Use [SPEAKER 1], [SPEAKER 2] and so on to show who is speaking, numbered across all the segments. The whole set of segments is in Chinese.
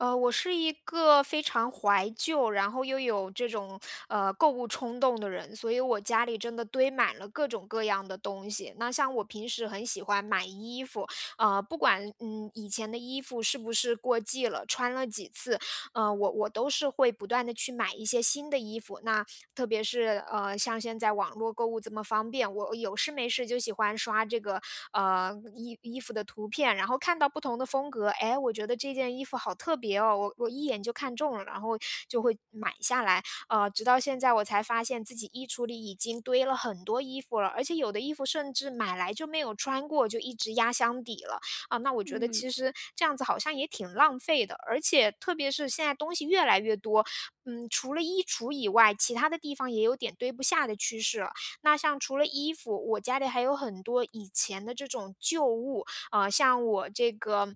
[SPEAKER 1] 呃，我是一个非常怀旧，然后又有这种，呃，购物冲动的人。所以我家里真的堆满了各种各样的东西，那像我平时很喜欢买衣服，呃，不管，嗯，以前的衣服是不是过季了，穿了几次，呃，我我都是会不断地去买一些新的衣服，那特别是，呃，像现在网络购物这么方便，我有事没事就喜欢刷这个，呃，衣衣服的图片，然后看到不同的风格，哎，我觉得，这件衣服好特别哦，我我一眼就看中了，然后就会买下来。呃，直到现在我才发现自己衣橱里已经堆了很多衣服了，而且有的衣服甚至买来就没有穿过，就一直压箱底了。啊，那我觉得
[SPEAKER 2] 嗯。
[SPEAKER 1] 其实这样子好像也挺浪费的，而且特别是现在东西越来越多，嗯，除了衣橱以外，其他的地方也有点堆不下的趋势。那像除了衣服，我家里还有很多以前的这种旧物，啊，像我这个，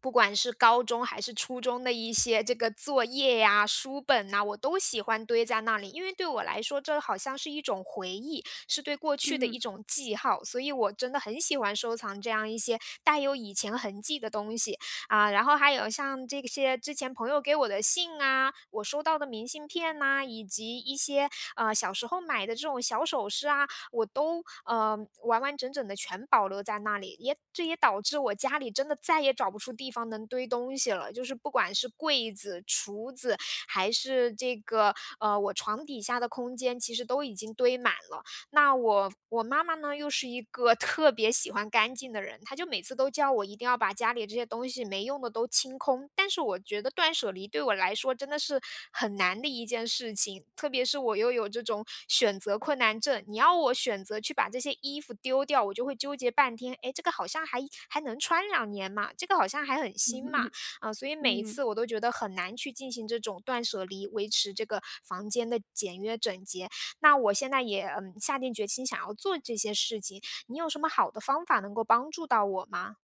[SPEAKER 1] 不管是高中还是初中的一些这个作业呀，书本呐，我都喜欢堆在那里。因为对我来说，这好像是一种回忆，是对过去的
[SPEAKER 2] 嗯。
[SPEAKER 1] 一种记号，所以我真的很喜欢收藏这样一些带有以前痕迹的东西。啊，然后还有像这些之前朋友给我的信啊，我收到的明信片啊，以及一些，呃，小时候买的这种小首饰啊，我都，呃，完完整整的全保留在那里。也这也导致我家里真的再也找不出地方能堆东西了，就是不管是柜子，橱子，还是这个，呃，我床底下的空间，其实都已经堆满了。那我我妈妈呢，又是一个特别喜欢干净的人，她就每次都叫我一定要把家里这些东西没用的都清空，但是我觉得断舍离对我来说真的是，很难的一件事情，特别是我又有这种选择困难症，你要我选择去把这些衣服丢掉，我就会纠结半天。哎，这个好像还还能穿2年嘛，这个好像还很新嘛，嗯，所以 每一
[SPEAKER 2] 嗯。
[SPEAKER 1] 次我都觉得很难去进行这种断舍离，维持这个房间的简约整洁，那我现在也，嗯，下定决心想要做这些事情，你有什么好的方法能够帮助到我吗？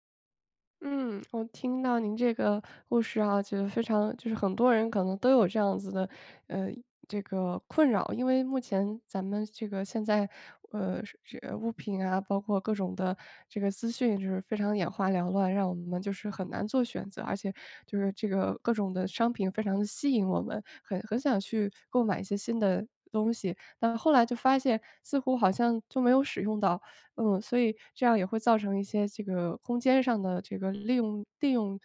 [SPEAKER 2] 嗯，我听到您这个故事啊，觉得非常就是很多人可能都有这样子的，呃，这个困扰。因为目前咱们这个现在，呃，这物品啊，包括各种的这个资讯就是非常眼花缭乱，让我们就是很难做选择，而且就是这个各种的商品非常吸引我们，很很想去购买一些新的东西，但后来就发现似乎好像就没有使用到。嗯，所以这样也会造成一些这个空间上的这个利用利用，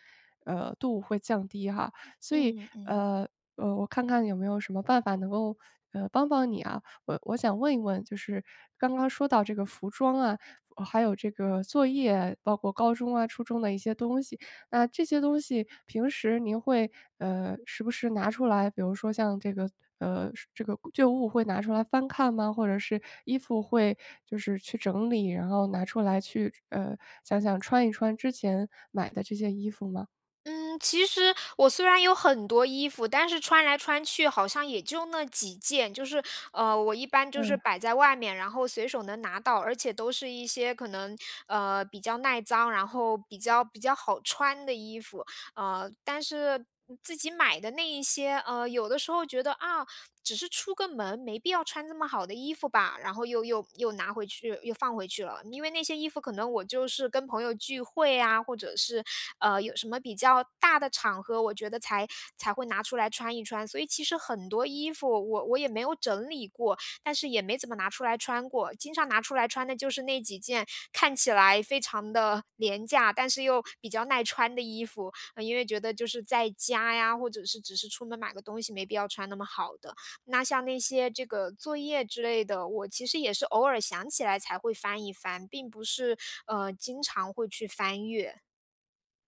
[SPEAKER 2] 呃，度会降低哈。所以，
[SPEAKER 1] 嗯嗯嗯。
[SPEAKER 2] 呃呃，我看看有没有什么办法能够，呃，帮帮你啊。我我想问一问就是刚刚说到这个服装啊，还有这个作业，包括高中啊，初中的一些东西，那这些东西平时您会，呃，时不时拿出来，比如说像这个呃，这个旧物会拿出来翻看吗？或者是衣服会就是去整理，然后拿出来去，呃，想想穿一穿之前买的这些衣服吗？
[SPEAKER 1] 嗯，其实我虽然有很多衣服，但是穿来穿去好像也就那几件，就是，呃，我一般就是
[SPEAKER 2] 嗯。
[SPEAKER 1] 摆在外面，然后随手能拿到，而且都是一些可能，呃，比较耐脏，然后比较比较好穿的衣服。呃，但是自己买的那一些，呃，有的时候觉得，啊，只是出个门，没必要穿这么好的衣服吧。然后又又又拿回去，又放回去了。因为那些衣服可能我就是跟朋友聚会呀，或者是，呃，有什么比较大的场合，我觉得才才会拿出来穿一穿，所以其实很多衣服我我也没有整理过，但是也没怎么拿出来穿过。经常拿出来穿的就是那几件，看起来非常的廉价，但是又比较耐穿的衣服。因为觉得就是在家呀，或者是只是出门买个东西没必要穿那么好的，那像那些这个作业之类的，我其实也是偶尔想起来才会翻一翻，并不是，呃，经常会去翻阅。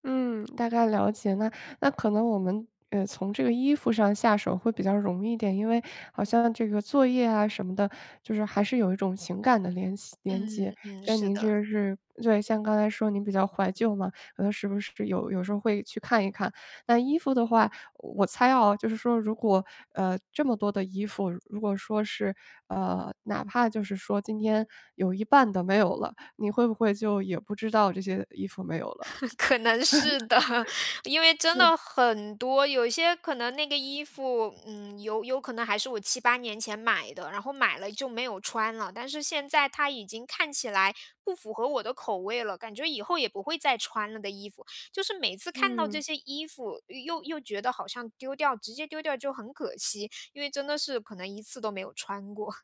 [SPEAKER 2] 嗯，大概了解。那那可能我们，呃，从这个衣服上下手会比较容易一点，因为好像这个作业啊什么的就是还是有一种情感的联系联结，
[SPEAKER 1] 嗯嗯，
[SPEAKER 2] 跟
[SPEAKER 1] 是
[SPEAKER 2] 您
[SPEAKER 1] 的。
[SPEAKER 2] 就是对，像刚才说您比较怀旧嘛，是不是有有时候会去看一看。那衣服的话，我猜啊，就是说如果，呃，这么多的衣服，如果说是，呃，哪怕就是说今天有一半的没有了，你会不会就也不知道这些衣服没有了？
[SPEAKER 1] 可能是的，因为 真
[SPEAKER 2] 嗯。
[SPEAKER 1] 的很多，有些可能那个衣服，嗯，有有可能还是我7，8年前买的。然后买了就没有穿了，但是现在它已经看起来不符合我的口味了，感觉以后也不会再穿了的衣服，就是每次看到这
[SPEAKER 2] 嗯。
[SPEAKER 1] 些衣服，又又觉得好像丢掉，直接丢掉就很可惜，因为真的是可能一次都没有穿过。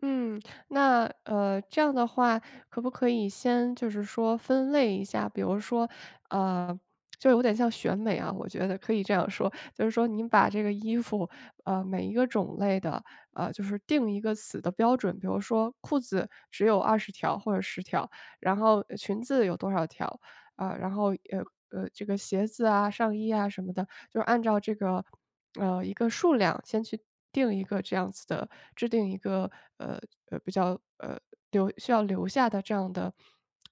[SPEAKER 2] 嗯，那，呃，这样的话，可不可以先就是说分类一下。比如说，呃，就有点像选美啊，我觉得可以这样说。就是说您把这个衣服，呃，每一个种类的，呃，就是定一个死的标准，比如说裤子，只有20条或者10条，然后，呃，裙子有多少条，呃，然后，呃呃，这个鞋子啊、上衣啊什么的，就按照这个呃，一个数量先去定一个这样子的制定一个，呃呃，比较呃留需要留下的这样的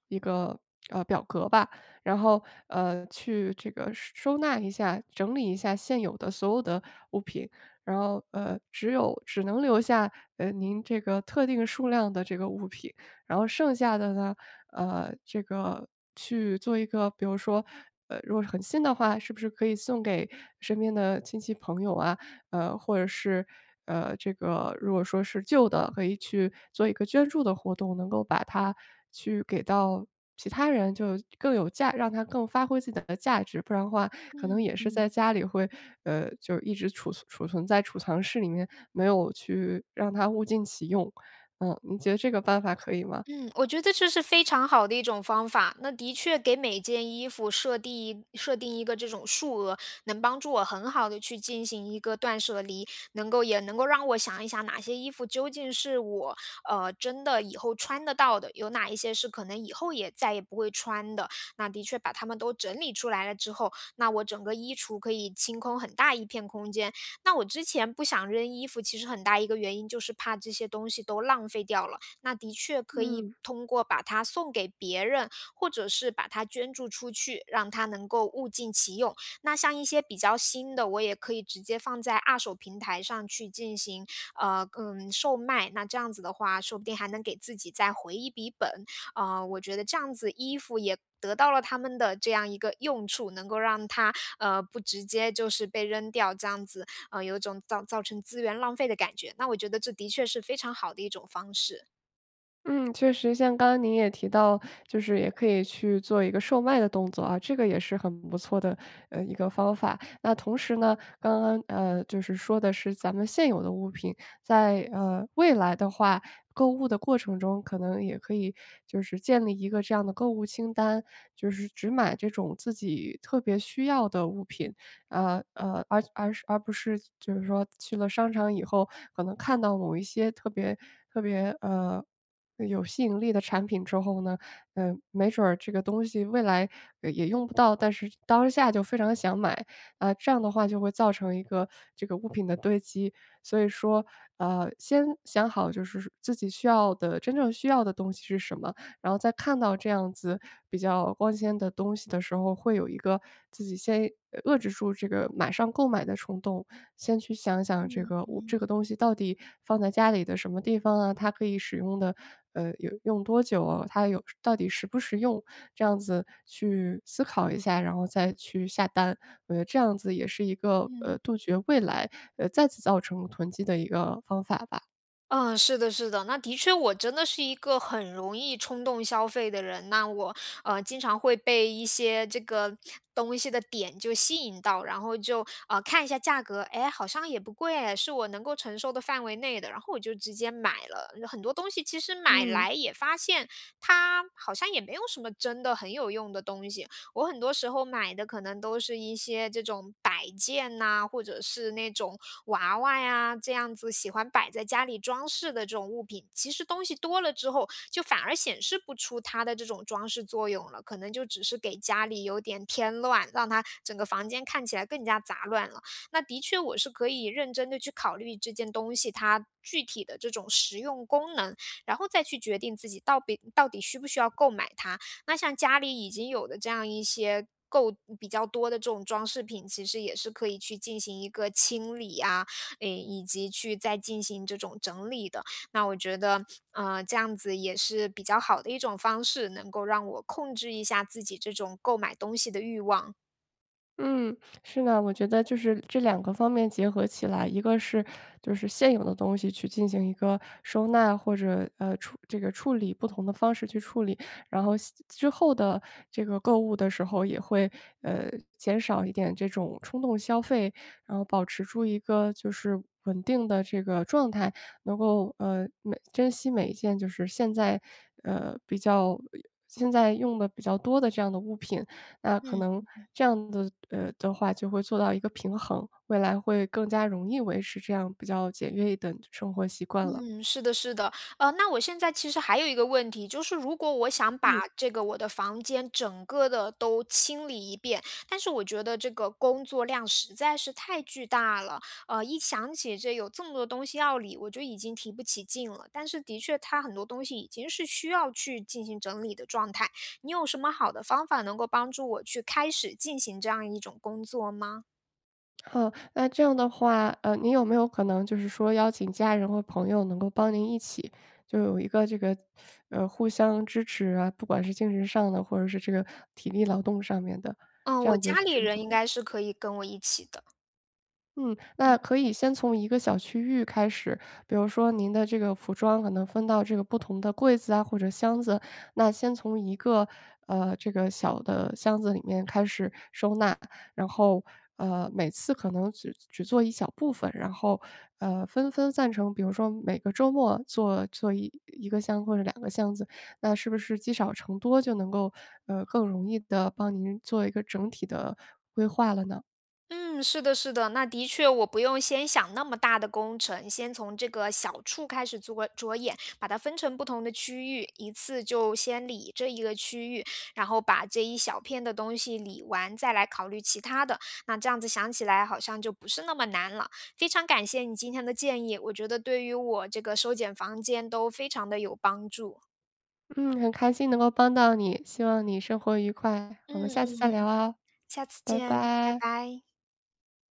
[SPEAKER 2] 一个，呃，表格吧。然后，呃，去这个收收纳一下、整理一下现有的所有的物品。然后，呃，只有只能留下，呃，您这个特定数量的这个物品。然后剩下的呢，呃，这个去做一个比如说呃，如果是很新的话，是不是可以送给身边的亲戚朋友啊，呃，或者是，呃，这个如果说是旧的，可以去做一个捐助的活动，能够把它去给到其他人就更有价让它更发挥自己的价值。不然的话可能
[SPEAKER 1] 嗯
[SPEAKER 2] 也是在
[SPEAKER 1] 嗯。
[SPEAKER 2] 家里会呃，就一直储存储存在储藏室里面，没有去让它物尽其用。嗯，您觉得这个办法可以吗？
[SPEAKER 1] 嗯，我觉得这是非常好的一种方法，那的确给每件衣服，设地设定一个这种数额，能帮助我很好地去进行一个断舍离，能够也能够让我想一想哪些衣服，究竟是我，呃，真的以后穿得到的，有哪一些是可能以后也再也不会穿的。那的确把它们都整理出来了之后，那我整个衣橱可以清空很大一片空间。那我之前不想扔衣服，其实很大一个原因，就是怕这些东西都浪费掉了，那的确可以
[SPEAKER 2] 嗯。
[SPEAKER 1] 通过把它送给别人，或者是把它捐助出去，让它能够物尽其用。那像一些比较新的，我也可以直接放在二手平台上去进行，呃，嗯，售卖，那这样子的话，说不定还能给自己再回一笔本。呃，我觉得这样子，衣服也得到了它们的这样一个用处，能够让它，呃，不直接就是被扔掉这样子，呃，有种造造成资源浪费的感觉，那我觉得这的确是非常好的一种方式。
[SPEAKER 2] 嗯，确实像刚刚您也提到就是也可以去做一个售卖的动作啊，这个也是很不错的，呃，一个方法。那同时呢，刚刚，呃，就是说的是咱们现有的物品，在，呃，未来的话，购物的过程中，可能也可以就是建立一个这样的购物清单，就是只买这种自己特别需要的物品，呃，呃，而而而不是就是说去了商场以后可能看到某一些特别特别，呃，有吸引力的产品之后呢，呃，没准儿这个东西未来也用不到，但是当下就非常想买，呃，这样的话就会造成一个这个物品的堆积。所以说，呃，先想好就是自己需要的真正需要的东西是什么，然后再看到这样子比较光鲜的东西的时候会有一个自己先遏制住这个马上购买的冲动，先去想想这
[SPEAKER 1] 嗯
[SPEAKER 2] 个物这
[SPEAKER 1] 嗯。
[SPEAKER 2] 个东西到底放在家里的什么地方啊？它可以使用的呃，有用多久？它有到底实不实用？这样子去思考一下，然后再去下单。我觉得这样子也是一个，呃，
[SPEAKER 1] 嗯。
[SPEAKER 2] 杜绝未来再次造成囤积的一个方法吧。
[SPEAKER 1] 嗯，是的是的，那的确我真的是一个很容易冲动消费的人。那我，呃，经常会被一些这个东西的点就吸引到，然后就，呃，看一下价格，哎，好像也不贵哎，是我能够承受的范围内的，然后我就直接买了。有很多东西其实买
[SPEAKER 2] 嗯。
[SPEAKER 1] 来也发现，它好像也没有什么真的很有用的东西，我很多时候买的可能都是一些这种摆件呐，或者是那种娃娃呀，这样子喜欢摆在家里装饰的这种物品。其实东西多了之后，就反而显示不出它的这种装饰作用了，可能就只是给家里有点添乱，让它整个房间看起来更加杂乱了。那的确我是可以认真地去考虑这件东西它具体的这种实用功能，然后再去决定自己到底到底需不需要购买它。那像家里已经有的这样一些购比较多的这种装饰品，其实也是可以去进行一个清理啊，嗯，以及去再进行这种整理的，那我觉得，呃，这样子也是比较好的一种方式，能够让我控制一下自己这种购买东西的欲望。
[SPEAKER 2] 嗯，是的，我觉得就是这2个方面结合起来。一个是，就是现有的东西去进行一个收纳，或者，呃，处这个处理，不同的方式去处理。然后像之后的这个购物的时候，也会，呃，减少一点这种冲动消费，然后保持住一个就是稳定的这个状态。能够，呃，每珍惜每一件就是现在，呃，比较现在用得比较多的这样的物品。那可
[SPEAKER 1] 嗯。
[SPEAKER 2] 能
[SPEAKER 1] 嗯嗯。
[SPEAKER 2] 这样的呃的话，就会做到一个平衡，未来会更加容易维持这样比较简约一等的生活习惯了。
[SPEAKER 1] 嗯，是的是的。呃，那我现在其实还有一个问题，就是如果我想
[SPEAKER 2] 嗯。
[SPEAKER 1] 把这个我的房间整个地都清理一遍，但是我觉得这个工作量实在是太巨大了。呃，一想起这有这么多东西要理，我就已经提不起劲了，但是的确它很多东西已经是需要去进行整理的状态。你有什么好的方法，能够帮助我去开始进行这样一种工作吗？
[SPEAKER 2] 哦，那这样的话，呃，你有没有可能就是说邀请家人或朋友能够帮您一起，就有一个这个，呃，互相支持啊，不管是精神上的，或者是这个体力劳动上面的？
[SPEAKER 1] 嗯，
[SPEAKER 2] 这
[SPEAKER 1] 我
[SPEAKER 2] 样子
[SPEAKER 1] 家
[SPEAKER 2] 是
[SPEAKER 1] 里
[SPEAKER 2] 不是
[SPEAKER 1] 人应
[SPEAKER 2] 会
[SPEAKER 1] 该是可以跟我一起的。
[SPEAKER 2] 嗯，那
[SPEAKER 1] 嗯。
[SPEAKER 2] 可以先从一个小区域开始。比如说您的这个服装可能分到这个不同的柜子啊，或者箱子，那先从一个，呃，这个小的箱子里面开始收纳。然后，呃，每次可能只只做一小部分，然后，呃，分分散成比如说每个周末做做1个箱子或者2个箱子，那是不是积少成多，就能够，呃，更容易地帮您做一个整体的规划了呢？
[SPEAKER 1] 嗯，是的是的。那的确我不用先想那么大的工程，先从这个小处开始着着眼，把它分成不同的区域，一次就先理这一个区域，然后把这一小片的东西理完，再来考虑其他的。那这样子想起来，好像就不是那么难了。非常感谢你今天的建议，我觉得对于我这个收减房间都非常地有帮助。
[SPEAKER 2] 嗯，很开心能够帮到你，希望你生活愉快，我们
[SPEAKER 1] 嗯
[SPEAKER 2] 下次再
[SPEAKER 1] 嗯
[SPEAKER 2] 聊
[SPEAKER 1] 嗯，
[SPEAKER 2] 哦，
[SPEAKER 1] 下次
[SPEAKER 2] 拜
[SPEAKER 1] 见，拜
[SPEAKER 2] 拜。
[SPEAKER 1] 拜。